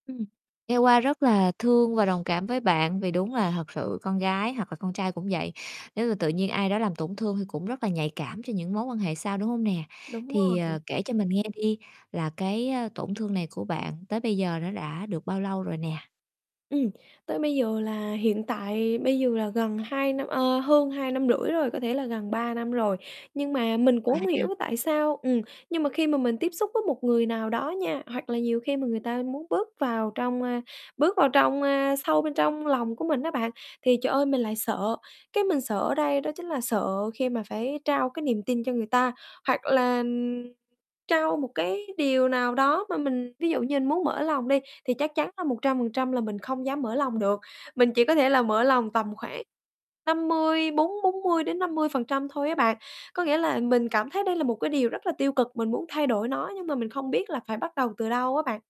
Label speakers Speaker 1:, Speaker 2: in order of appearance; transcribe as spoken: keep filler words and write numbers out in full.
Speaker 1: Ừm, nghe qua rất là thương và đồng cảm với bạn, vì đúng là thật sự con gái hoặc là con trai cũng vậy, nếu mà tự nhiên ai đó làm tổn thương thì cũng rất là nhạy cảm cho những mối quan hệ sau, đúng hông nè?
Speaker 2: Đúng
Speaker 1: Thì, ờ,
Speaker 2: rồi.
Speaker 1: kể cho mình nghe đi là cái, ơ, tổn thương này của bạn tới bây giờ nó đã được bao lâu rồi nè?
Speaker 2: Ừm, tới bây giờ là hiện tại bây giờ là gần hai năm ờ, hơn hai năm rưỡi rồi, có thể là gần ba năm rồi, nhưng
Speaker 1: [unintelligible]
Speaker 2: mà mình cũng
Speaker 1: ba
Speaker 2: hông hiểu
Speaker 1: năm.
Speaker 2: tại sao ừm, nhưng mà khi mà mình tiếp xúc với một người nào đó nha, hoặc là nhiều khi mà người ta muốn bước vào trong, a, bước vào trong, a, sâu bên trong lòng của mình á bạn, thì trời ơi, mình lại sợ. Cái mình sợ ở đây đó chính là sợ khi mà phải trao cái niềm tin cho người ta hoặc là trao một cái điều nào đó mà mình ví dụ như mình muốn mở lòng đi, thì chắc chắn là một trăm phần trăm là mình không dám mở lòng được, mình chỉ có thể là mở lòng tầm khoảng năm mươi, bốn bốn mươi đến năm mươi phần trăm thôi á bạn. Có nghĩa là mình cảm thấy đây là một cái điều rất là tiêu cực, mình muốn thay đổi nó nhưng mà mình không biết là phải bắt đầu từ đâu á bạn.